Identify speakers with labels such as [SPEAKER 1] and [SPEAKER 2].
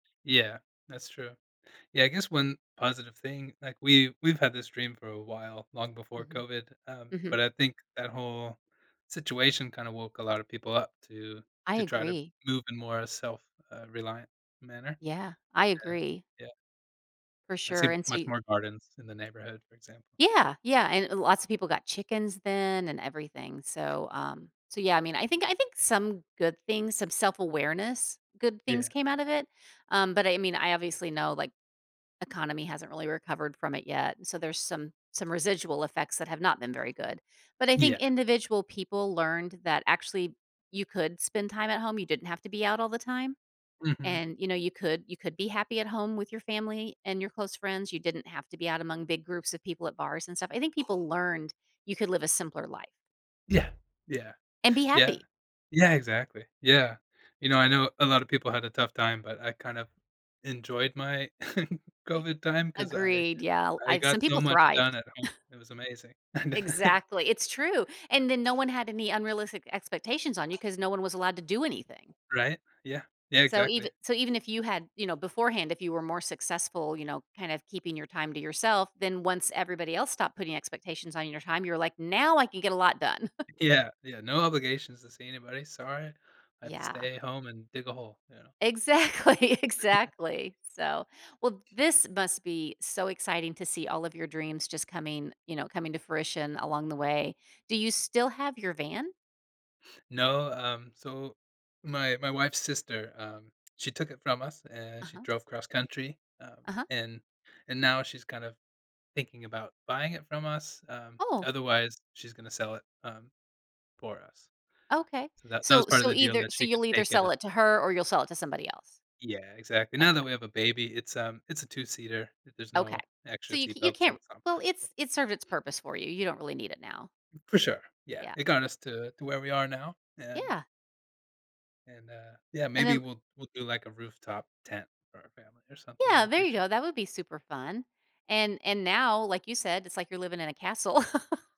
[SPEAKER 1] Yeah, that's true. Yeah, I guess one positive thing, like, we've we've had this dream for a while, long before
[SPEAKER 2] Mhm.
[SPEAKER 1] COVID, um,
[SPEAKER 2] Mhm.
[SPEAKER 1] but I think that whole situation kinda woke a lot of people up to
[SPEAKER 2] I
[SPEAKER 1] to try to
[SPEAKER 2] agree.
[SPEAKER 1] move in more a self, uh, reliant manner.
[SPEAKER 2] Yeah. I
[SPEAKER 1] Yeah,
[SPEAKER 2] agree.
[SPEAKER 1] yeah.
[SPEAKER 2] For
[SPEAKER 1] I
[SPEAKER 2] sure.
[SPEAKER 1] see
[SPEAKER 2] And so
[SPEAKER 1] much
[SPEAKER 2] y
[SPEAKER 1] more gardens in the neighborhood, for example.
[SPEAKER 2] Yeah. Yeah. And l lots of people got chickens then and everything. So, um, so yeah. I mean, I think I think some good things, some self-awareness, good things
[SPEAKER 1] Yeah.
[SPEAKER 2] came out of it. Um, but I mean, I obviously know, like, economy hasn't really recovered from it yet, so there's some some residual effects that have not been very good. But I think
[SPEAKER 1] Yeah.
[SPEAKER 2] individual people learned that actually you could spend time at home, you didn't have to be out all the time.
[SPEAKER 1] Mhm.
[SPEAKER 2] And, you know, you could you could be happy at home with your family and your close friends, you didn't have to be out among big groups of people at bars and stuff. I think people learned you could live a simpler life.
[SPEAKER 1] Yeah, yeah,
[SPEAKER 2] And be
[SPEAKER 1] yeah.
[SPEAKER 2] happy.
[SPEAKER 1] Yeah, exactly. Yeah. You know, I know a lot of people had a tough time, but I kind of enjoyed my COVID time, 'cause I
[SPEAKER 2] Agreed. Yeah.
[SPEAKER 1] I
[SPEAKER 2] I've some
[SPEAKER 1] got so
[SPEAKER 2] people
[SPEAKER 1] much done
[SPEAKER 2] thrived.
[SPEAKER 1] at home. It was amazing. And
[SPEAKER 2] Exactly. It's true. And then no one had any unrealistic expectations on you 'cause no one was allowed to do anything.
[SPEAKER 1] Right. Yeah. Yeah,
[SPEAKER 2] So eve
[SPEAKER 1] exactly.
[SPEAKER 2] so even if you had, you know, beforehand, if you were more successful, you know, kind of keeping your time to yourself, then once everybody else stopped putting expectations on your time, you're like, "Now I can get a lot done."
[SPEAKER 1] Yeah, yeah. No obligations to see anybody, "Sorry, I have to
[SPEAKER 2] Yeah.
[SPEAKER 1] stay at home and dig a hole," you know.
[SPEAKER 2] Exactly, exactly. So, well, this must be so exciting to see all of your dreams just coming, you know, coming to fruition along the way. Do you still have your van?
[SPEAKER 1] No, um, so my my wife's sister, um, she took it from us, uh, she
[SPEAKER 2] Uh-huh.
[SPEAKER 1] drove cross country, um,
[SPEAKER 2] Uh-huh.
[SPEAKER 1] and and now she's kind of thinking about, buying it from us, um,
[SPEAKER 2] Oh.
[SPEAKER 1] otherwise she's gonna sell it, um, for us.
[SPEAKER 2] Okay.
[SPEAKER 1] So that that was
[SPEAKER 2] So
[SPEAKER 1] part of
[SPEAKER 2] so
[SPEAKER 1] the deal
[SPEAKER 2] either
[SPEAKER 1] that she
[SPEAKER 2] so
[SPEAKER 1] could
[SPEAKER 2] you'll either
[SPEAKER 1] take it
[SPEAKER 2] sell
[SPEAKER 1] and
[SPEAKER 2] it to her or you'll sell it to somebody else.
[SPEAKER 1] Yeah. Exactly. Now that
[SPEAKER 2] Okay.
[SPEAKER 1] we have a baby, it's um, it's a two-seater. There's
[SPEAKER 2] Okay.
[SPEAKER 1] no
[SPEAKER 2] So
[SPEAKER 1] extra
[SPEAKER 2] you ca
[SPEAKER 1] seat
[SPEAKER 2] you
[SPEAKER 1] belt, so
[SPEAKER 2] can't
[SPEAKER 1] it's not
[SPEAKER 2] well,
[SPEAKER 1] practical.
[SPEAKER 2] it's it's served its purpose for you. You don't really need it now.
[SPEAKER 1] For sure, yeah,
[SPEAKER 2] Yeah.
[SPEAKER 1] it got us to to where we are now, um
[SPEAKER 2] Yeah.
[SPEAKER 1] And, uh, yeah,
[SPEAKER 2] And
[SPEAKER 1] maybe
[SPEAKER 2] then
[SPEAKER 1] we'll we'll do, like, a rooftop tent for our family or something in
[SPEAKER 2] Yeah,
[SPEAKER 1] the
[SPEAKER 2] there you
[SPEAKER 1] future.
[SPEAKER 2] go, that would be super fun. And and now, like you said, "It's like you're living in a castle."